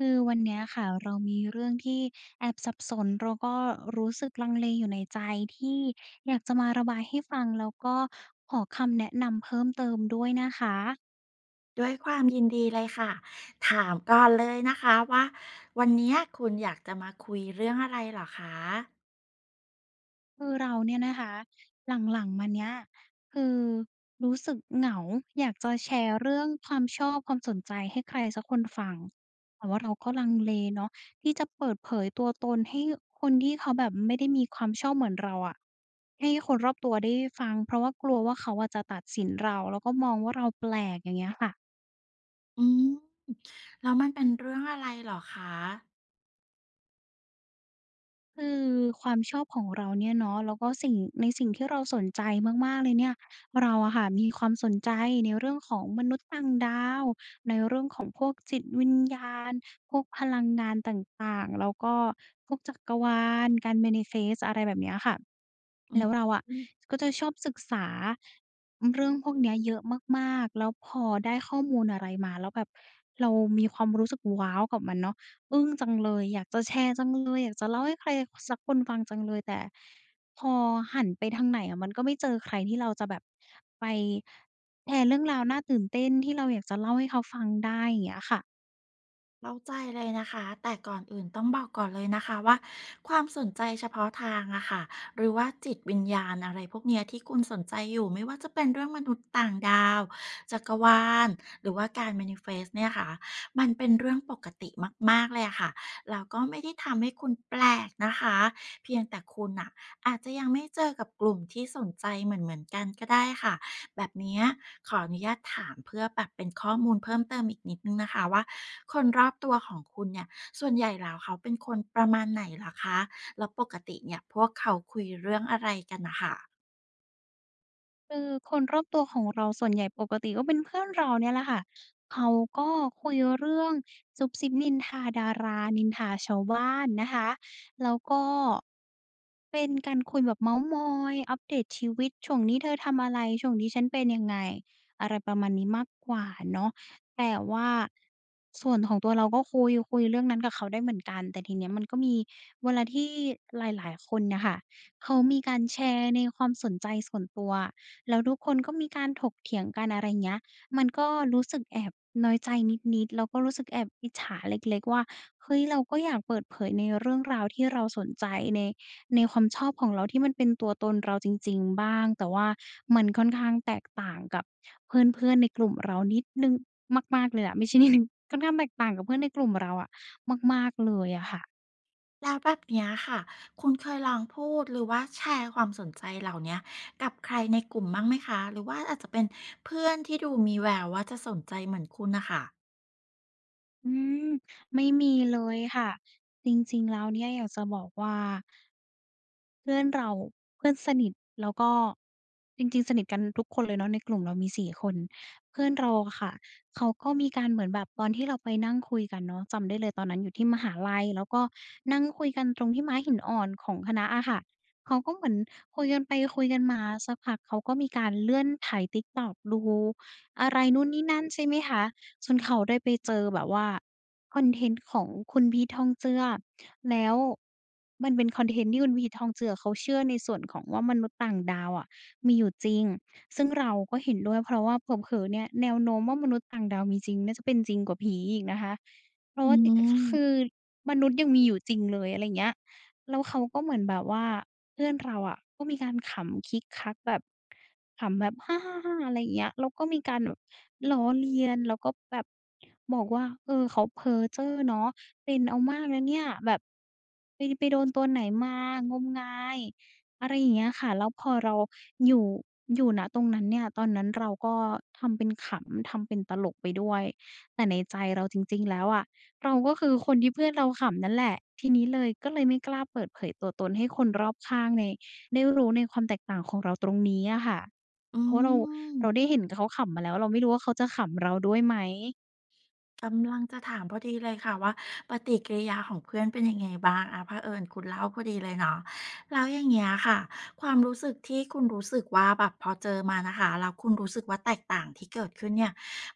คือวันเนี้ยค่ะ เรามีเรื่องที่แอบสับสน แล้วก็รู้สึกลังเลอยู่ในใจที่อยากจะมาระบายให้ฟัง แล้วก็ขอคำแนะนำเพิ่มเติมด้วยนะคะ ด้วยความยินดีเลยค่ะ ถามก่อนเลยนะคะว่า วันเนี้ย คุณอยากจะมาคุยเรื่องอะไรเหรอคะ? คือเราเนี่ยนะคะ หลัง ๆ มาเนี้ย คือ รู้สึกเหงาอยากจะแชร์เรื่องความชอบ ความสนใจให้ใครสักคนฟัง แต่ว่าเราก็ลังเลเนาะ ที่จะเปิดเผยตัวตนให้คนที่เขาแบบไม่ได้มีความชอบเหมือนเราอะ ให้คนรอบตัวได้ฟัง เพราะว่ากลัวว่าเขาอะจะตัดสินเรา แล้วก็มองว่าเราแปลก อย่างเงี้ยค่ะ อืม แล้วมันเป็นเรื่องอะไรเหรอคะ? คือความชอบของเราเนี่ยเนาะ แล้วก็สิ่ง ในสิ่งที่เราสนใจมาก ๆ เลยเนี่ย เราอะค่ะ มีความสนใจในเรื่องของมนุษย์ต่างดาว ในเรื่องของ พวกจิตวิญญาณ พวกพลังงานต่าง ๆ แล้วก็พวกจักรวาล การ Manifest อะไรแบบนี้อะค่ะ อืแลม ้วเราอะอือ ก็จะชอบศึกษา เรื่องพวกนี้เยอะมาก ๆ แล้วพอได้ข้อมูลอะไรมาแล้วแบบ เรามีความรู้สึก ว้าว! กับมันเนาะ อึ้งจังเลย อยากจะแชร์จังเลย อยากจะเล่าให้ใครสักคนฟังจังเลย แต่พอหันไปทางไหนอะมันก็ไม่เจอใคร ที่เราจะแบบไปแชร์เรื่องราวน่าตื่นเต้น ที่เราอยากจะเล่าให้เขาฟังได้ อย่างเงี้ยค่ะ เข้าใจเลยนะคะ แต่ก่อนอื่นต้องบอกก่อนเลยนะคะว่า ความสนใจเฉพาะทางอะค่ะ หรือว่าจิตวิญญาณ อะไรพวกเนี้ย ที่คุณสนใจอยู่ ไม่ว่าจะเป็นเรื่องมนุษย์ต่างดาว จักรวาล หรือว่าการ manifest เนี่ยคะ มันเป็นเรื่องปกติมาก ๆ เลยอะค่ะ แล้วก็ไม่ได้ทำให้คุณแปลกนะคะ เพียงแต่คุณน่ะอาจจะยังไม่เจอกับกลุ่มที่สนใจเหมือน ๆ กันก็ได้ค่ะ แบบเนี้ยขออนุญาตถามเพื่อแบบเป็นข้อมูลเพิ่มเติมอีกนิดหนึ่งนะคะว่า คนรอบตัวของคุณเนี่ย ส่วนใหญ่แล้วเขาเป็นคนประมาณไหนเหรอคะ? แล้วปกติเนี่ยพวกเขาคุยเรื่องอะไรกันน่ะค่ะ? คือคนรอบตัวของเราส่วนใหญ่ปกติก็เป็นเพื่อนเรานี่แหละค่ะ เขาก็คุยเรื่องซุบซิบนินทาดารา นินทาชาวบ้านนะคะ แล้วก็เป็นการคุยแบบเมาท์มอย อัปเดตชีวิต ช่วงนี้เธอทำอะไร ช่วงนี้ฉันเป็นยังไง อะไรประมาณนี้มากกว่าเนาะ แต่ว่าส่วนของตัวเราก็คุย คุยเรื่องนั้นกับเขาได้เหมือนกัน แต่ทีเนี้ยมันก็มีเวลาที่หลาย ๆ คนน่ะค่ะ เขามีการแชร์ในความสนใจส่วนตัว แล้วทุกคนก็มีการถกเถียงกัน อะไรเงี้ย มันก็รู้สึกแอบน้อยใจนิด ๆ แล้วรู้สึกแอบอิจฉาเล็ก ๆ ว่า เฮ้ย เราก็อยากเปิดเผยในเรื่องราวที่เราสนใจ ใน ในความชอบของเราที่มันเป็นตัวตนเราจริง ๆ บ้าง แต่ว่ามันค่อนข้างแตกต่างกับเพื่อน ๆ ในกลุ่มเรานิดหนึ่ง มาก ๆ เลยอะ ไม่ใช่นิดหนึ่ง ค่อนข้างแตกต่างกับเพื่อนในกลุ่มเราอะ มาก ๆ เลยอะค่ะ แล้วแบบเนี้ยค่ะ คุณเคยลองพูด หรือว่าแชร์ความสนใจเหล่าเนี้ยกับใครในกลุ่มบ้างไหมคะ? หรือว่าอาจจะเป็นเพื่อนที่ดูมีแววว่าจะสนใจเหมือนคุณน่ะค่ะ อืม ไม่มีเลยค่ะ จริง ๆ แล้วเนี่ย อยากจะบอกว่า เพื่อนเรา เพื่อนสนิท แล้วก็ จริง ๆ สนิทกันทุกคนเลยเนาะ ในกลุ่มเรามี 4 คน เพื่อนเราค่ะ เขาก็มีการเหมือนแบบ ตอนที่เราไปนั่งคุยกันเนาะ จำได้เลยตอนนั้นอยู่ที่มหาลัย แล้วก็นั่งคุยกันตรงที่ม้าหินอ่อนของคณะอะค่ะ เขาก็เหมือนคุยกันไปคุยกันมา สักพักเขาก็มีการเลื่อนไถ Tiktok ดูอะไรนู่นนี่นั่น ใช่ไหมคะ จนเขาได้ไปเจอแบบว่าคอนเทนต์ของคุณพีท ทองเจือ แล้วมันเป็นคอนเทนต์ที่คุณพีท ทองเจือ เขาเชื่อในส่วนของว่า มนุษย์ต่างดาวอะมีอยู่จริง ซึ่งเราก็เห็นด้วย เพราะว่าเผลอ ๆ เนี่ย แนวโน้มว่ามนุษย์ต่างดาวมีจริงน่าจะเป็นจริงกว่าผีอีกนะคะ เพราอะว่าติ ค คืม ือมนุษย์ยังมีอยู่จริงเลย อะไรอย่างเงี้ย แล้วเขาก็เหมือนแบบว่า เพื่อนเราอะก็มีการขำคิกคักแบบ ขำแบบ "ฮ่า ๆ ๆ" อะไรอย่างเงี้ย แล้วก็มีการแบบล้อเลียน แล้วก็แบบบอกว่า "เออ เขาเพ้อเจ้อเนาะ เป็นเอามากนะเนี่ย" แบบ "ไป ไปโดนตัวไหนมา งมงาย" อะไรอย่างเงี้ยค่ะ แล้วพอเราอยู่ อยู่ ณ ตรงนั้นเนี่ย ตอนนั้นเราก็ทำเป็นขำ ทำเป็นตลกไปด้วย แต่ในใจเราจริง ๆ แล้วอะ เราก็คือคนที่เพื่อนเราขำนั่นแหละ ทีนี้เลย ก็เลยไม่กล้าเปิดเผยตัวตน ให้คนรอบข้างใน ได้รู้ในความแตกต่างของเราตรงนี้อะค่ะ อืเพราะว่าเรา เรม าได้เห็นเขาขำมาแล้ว เราไม่รู้ว่าเขาจะขำเราด้วยไหม กำลังจะถามพอดีเลยค่ะว่า ปฏิกิริยาของเพื่อนเป็นยังไงบ้าง? อะ เผอิญคุณเล่าพอดีเลยเนาะ แล้วอย่างเงี้ยค่ะ ความรู้สึกที่คุณรู้สึกว่าแบบพอเจอมานะคะ แล้วคุณรู้สึกว่า แตกต่างที่เกิดขึ้นเนี่ย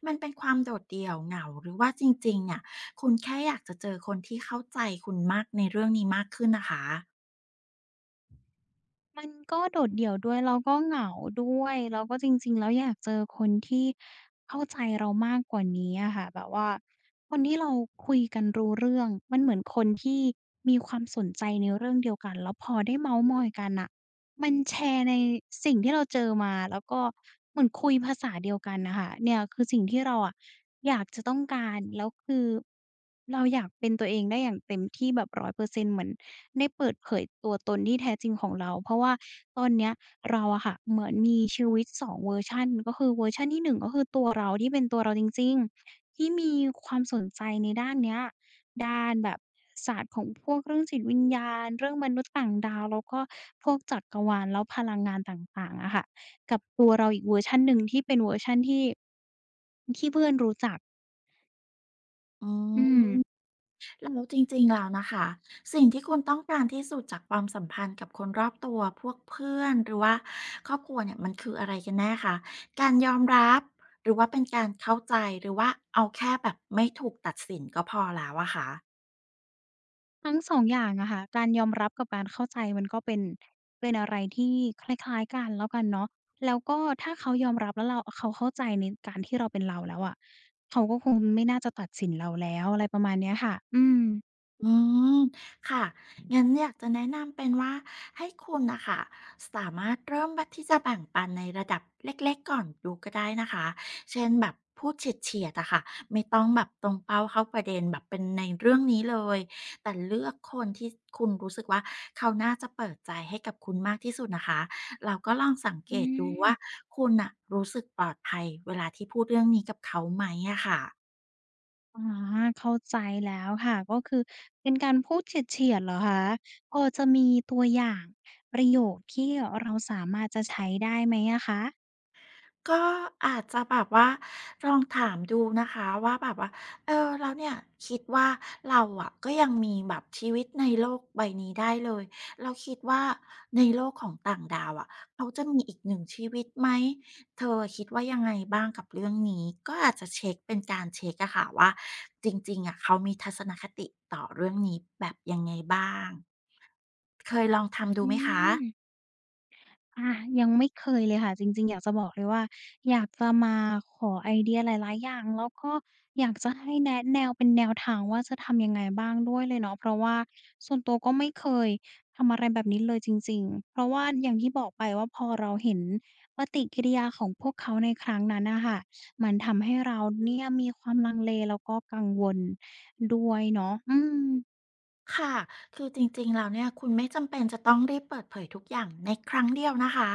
มันเป็นความโดดเดี่ยว เหงา หรือว่าจริง ๆ เนี่ย คุณแค่อยากจะเจอคนที่เข้าใจคุณมาก ในเรื่องนี้มากขึ้นนะคะ? มันก็โดดเดี่ยวด้วย แล้วก็เหงาด้วย แล้วก็จริง ๆ แล้ว อยากเจอคนที่เข้าใจเรามากกว่านี้อะค่ะ แบบว่าคนที่เราคุยกันรู้เรื่อง มันเหมือนคนที่มีความสนใจในเรื่องเดียวกัน แล้วพอได้เม้าท์มอยกันน่ะ มันแชร์ในสิ่งที่เราเจอมา แล้วก็เหมือนคุยภาษาเดียวกันน่ะค่ะ เนี่ยคือสิ่งที่เราอะอยากจะต้องการ แล้วคือเราอยากเป็นตัวเองได้อย่างเต็มที่แบบ 100% เหมือนได้เปิดเผยตัวตนที่แท้จริงของเรา เพราะว่าตอนเนี้ยราอะค่ะ เหมือนมีชีวิต 2 เวอร์ชัน ก็คือเวอร์ชันที่ 1 ก็คือตัวเราที่เป็นตัวเราจริง ๆ ที่มีความสนใจในด้านเนี้ย ด้านแบบศาสตร์ของพวกเรื่องจิตวิญญาณ เรื่องมนุษย์ต่างดาว แล้วก็พวกจักรวาล แล้วพลังงานต่าง ๆ อะค่ะ กับตัวเราอีกเวอร์ชันหนึ่งที่เป็นเวอร์ชันที่ ที่เพื่อนรู้จัก อือม ืม เออ จริง ๆ แล้วน่ะค่ะ สิ่งที่คุณต้องการที่สุดจากความสัมพันธ์กับคนรอบตัว พวกเพื่อน หรือว่าครอบครัวเนี่ย มันคืออะไรกันแน่คะ? การยอมรับ หรือว่าเป็นการเข้าใจ หรือว่าเอาแค่แบบไม่ถูกตัดสินก็พอแล้วอะคะ? ทั้ง 2 อย่างอะค่ะ การยอมรับกับการเข้าใจมันก็เป็น เป็นอะไรที่คล้าย ๆ กันแล้วกันเนาะ แล้วก็ถ้าเขายอมรับแล้วเรา อ เขาเข้าใจในการที่เราเป็นเราแล้วอะ เขาก็คงไม่น่าจะตัดสินเราแล้ว อะไรประมาณเนี้ยค่ะ อืม อืมค่ะ งั้นอยากจะแนะนำเป็นว่า ให้คุณน่ะค่ะสามารถเริ่ม บ ที่จะแบ่งปันในระดับเล็ก ๆ ก่อนดูก็ได้นะคะ เช่น แบบพูดเฉียด ๆ อะค่ะ ไม่ต้องแบบตรงเป้าเข้าประเด็นแบบเป็นในเรื่องนี้เลย แต่เลือกคนที่ ส คุณรู้สึกว่า เขาน่าจะเปิดใจให้กับคุณมากที่สุดนะคะ แล้วก็ลองสังเอกืตดูว่อ า คุณน่ะรู้สึกปลอดภัยเวลาที่พูดเรื่องนี้กับเขาไหมอะค่ะ อ๋อ เข้าใจแล้วค่ะ ก็คือเป็นการพูดเฉียด ๆ เหรอคะ? พอจะมีตัวอย่างประโยคที่เราสามารถจะใช้ได้ไหมอะคะ? ก็อาจจะแบบว่า ลองถามดูนะคะว่าแบบว่า "เออ แล้วเนี่ยคิดว่า เราอะก็ยังมีแบบชีวิตในโลกใบนี้ได้เลย เราคิดว่าในโลกของต่างดาวอะ เขาจะมีอีกหนึ่งชีวิตไหม? เธออะคิดว่ายังไงบ้างกับเรื่องนี้" ก็อาจจะเช็ก เป็นการเช็กอะค่ะว่า จริง ๆ อะ เขามีทัศนคติต่อเรื่องนี้แบบยังไงบ้าง เคยลองทำดอูืไหมคะ? ม อา ยังไม่เคยเลยค่ะ จริง ๆ อยากจะบอกเลยว่า อยากจะมาขอไอเดียหลาย ๆ อย่าง แล้วก็อยากจะให้แนะแนวเป็นแนวทางว่า จะทำยังไงบ้างด้วยเลยเนาะ เพราะว่าส่วนตัวก็ไม่เคยทำอะไรแบบนี้เลยจริง ๆ เพราะว่าอย่างที่บอกไปว่า พอเราเห็นปฏิกิริยาของพวกเขาในครั้งนั้นน่ะค่ะ มันทำให้เราเนี่ย มีความลังเลแล้วก็กังวลด้วยเนาะ อืม ค่ะ คือจริง ๆ แล้วเนี่ย คุณไม่จำเป็นจะต้องรีบเปิดเผยทุกอย่างในครั้งเดียวนะคะ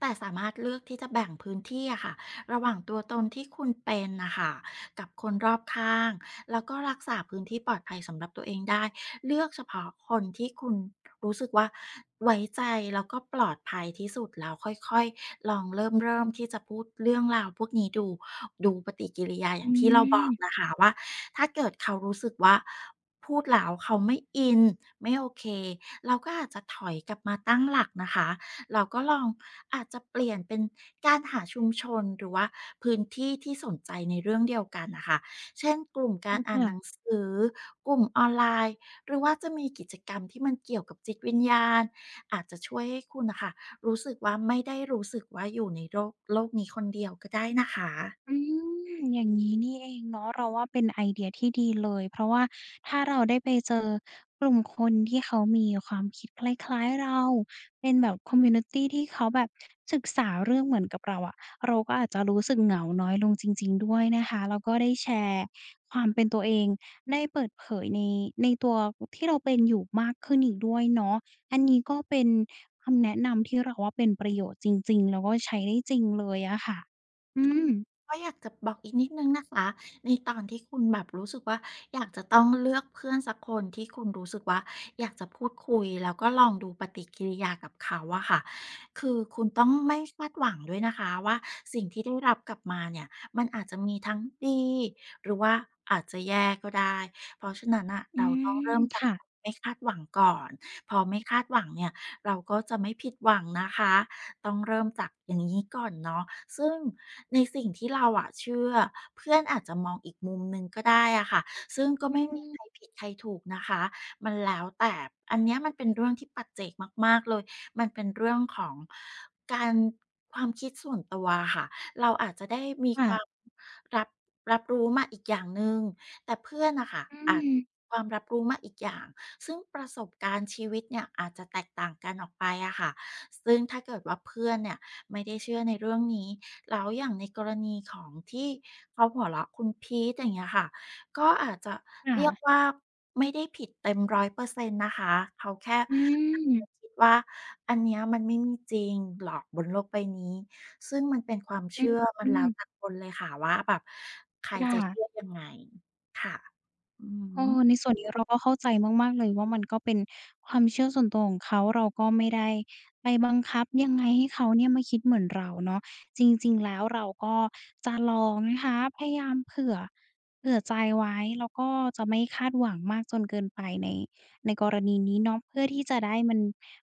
แต่สามารถเลือกที่จะแบ่งพื้นที่อะค่ะ ระหว่างตัวตนที่คุณเป็นน่ะค่ะกับคนรอบข้าง แล้วก็รักษาพื้นที่ปลอดภัยสำหรับตัวเองได้ เลือกเฉพาะคนที่คุณรู้สึกว่าไว้ใจ แล้วก็ปลอดภัยที่สุดแล้วค่อย ๆ ลองเริ่ม ๆ ที่จะพูดเรื่องราวพวกนี้ดู ดูปฏิกิริยาอยอ่าืงที่เราบอกม นะคะว่า ถ้าเกิดเขารู้สึกว่า พูดแล้วเขาไม่อิน ไม่โอเค เราก็อาจจะถอยกลับมาตั้งหลักนะคะ เราก็ลองอาจจะเปลี่ยนเป็นการหาชุมชน หรือว่าพื้นที่ที่สนใจในเรื่องเดียวกันน่ะค่ะ เช่น กลุ่มกอาืรอ อค่า่นะ หนังสือ กลุ่มออนไลน์ หรือว่าจะมีกิจกรรมที่มันเกี่ยวกับจิตวิญญาณ อาจจะช่วยให้คุณน่ะค่ะ รู้สึกว่า ไม่ได้รู้สึกว่าอยู่ในโรก โลกนี้คนเดียวก็ได้นะคะ อืม อย่างงี้นี่เองเนาะ เราว่าเป็นไอเดียที่ดีเลย เพราะว่าถ้าเราได้ไปเจอกลุ่มคนที่เขามีความคิดคล้าย ๆ เรา เป็นแบบ คอมมิวนิตี ที่เขาแบบศึกษาเรื่องเหมือนกับเราอะ เราก็อาจจะรู้สึกเหงาน้อยลงจริง ๆ ด้วยนะคะ แล้วก็ได้แชร์ความเป็นตัวเอง ได้เปิดเผยใน ในตัว อ ที่เราเป็นอยู่มากขึ้นอีกด้วยเนาะ อันนี้ก็เป็นคำแนะนำที่เราว่า เป็นประโยชน์จริง ๆ แล้วก็ใช้ได้จริงเลยอะค่ะ อือือ ม ก็อยากจะบอกอีกนิดหนึ่งนะคะ ในตอนที่คุณแบบรู้สึกว่า อยากจะต้องเลือกเพื่อนสักคนที่คุณรู้สึกว่า อยากจะพูดคุยแล้วก็ลองดูปฏิกิริยากับเขาอะค่ะ คือคุณต้องไม่คาดหวังด้วยนะคะว่า สิ่งที่ได้รับกลับมาเนี่ย มันอาจจะมีทั้งดี หรือว่าอาจจะแย่ก็ได้ เพราะฉะนั้นน่ะ อืเราต้องเริม ่มจคาก ่ะ [unintelligible] ไม่คาดหวังก่อน พอไม่คาดหวังเนี่ย เราก็จะไม่ผิดหวังนะคะ ต้องเริ่มจากอย่างงี้ก่อนเนาะ ซึ่งในสิ่งที่เราอะเชื่อ เพื่อนอาจจะมองอีกมุมหนึ่งก็ได้อะค่ะ ซึ่งก็อืไม่มีใคม รผิดใครถูกนะคะ มันแล้วแต่ อันเนี้ยมันเป็นเรื่องที่ปัจเจกมาก ๆ เลย มันเป็นเรื่องของการ ความคิดส่วนตัวอะค่ะ เราอาจจะได้มีค่ควะ าม รับ รับรู้มาอีกอย่างหนึ่ง แต่เพื่อนน่ะค่ะ อือาจ ม ความรับรู้มาอีกอย่าง ซึ่งประสบการณ์ชีวิตเนี่ย อาจจะแตกต่างกันออกไปอะค่ะ ซึ่งถ้าเกิดว่าเพื่อนเนี่ย ไม่ได้เชื่อในเรื่องนี้ แล้วอย่างในกรณีของที่เขาหัวเราะคุณพีท อย่างเงี้ยค่ะ ก็อาจจะค่เรียกะ ว่าไม่ได้ผิดเต็ม 100 % นะคะ เขาแค่ อืม [unintelligible] คิดว่า อันนี้มันไม่มีจริงหรอกบนโลกใบนี้ ซึ่งมันเป็นความเอชืื่อ มันแล้วม แต่คนเลยค่ะว่าแบบ ใครย่า จะเชื่อยังไง ค่ะ อือเอฮอ ึ ในส่วนนี้เราก็เข้าใจมาก ๆ เลยว่า มันก็เป็นความเชื่อส่วนตัวของเขา เราก็ไม่ได้ไปบังคับยังไงให้เขาเนี่ย มาคิดเหมือนเราเนาะ จริง ๆ แล้วเราก็จะลองนะคะ พยายามเผื่อ เผื่อใจไว้ แล้วก็จะไม่คาดหวังมากจนเกินไปใน ในกรณีนี้เนาะ เพื่อที่จะได้ มัน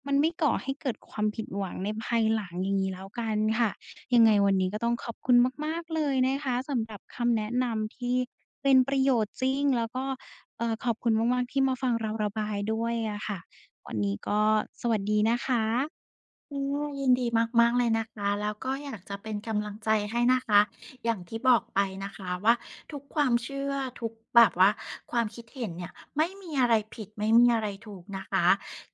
มันไม่ก่อให้เกิดความผิดหวังในภายหลัง อย่างงี้แล้วกันค่ะ ยังคไง่ะ วันนี้ก็ต้องขอบคุณมาก ๆ เลยนะคะ สำหรับคำแนะนำที่เป็นประโยชน์จริง แล้วก็ เอ่อ ขอบคุณมาก ๆ ที่มาฟังเราระบายด้วยอะค่ะ วันนี้ก็สวัสดีนะคะ ค่ะ ยินดีมาก ๆ เลยนะคะ แล้วก็อยากจะเป็นกำลังใจให้นะคะ อย่างที่บอกไปนะคะว่า ทุกความเชื่อ ทุกแบบว่าความคิดเห็นเนี่ย ไม่มีอะไรผิดไม่มีอะไรถูกนะคะ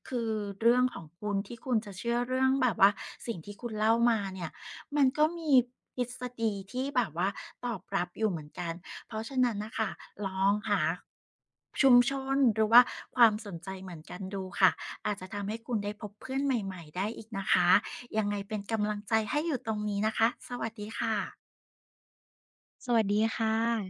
คือเรื่องของคุณที่คุณจะเชื่อเรื่องแบบว่า สิ่งที่คุณเล่ามาเนี่ย มันก็มีทฤษฎีที่แบบว่าตอบรับอยู่เหมือนกัน เพราะฉะนั้นน่ะค่ะ ลองหา ชุมชน หรือว่าความสนใจเหมือนกันดูค่ะ อาจจะทำให้คุณได้พบเพื่อนใหม่ ๆ ได้อีกนะคะ ยังไงเป็นกำลังใจให้อยู่ตรงนี้นะคะ สวัสดีค่ะ สวัสดีค่ะ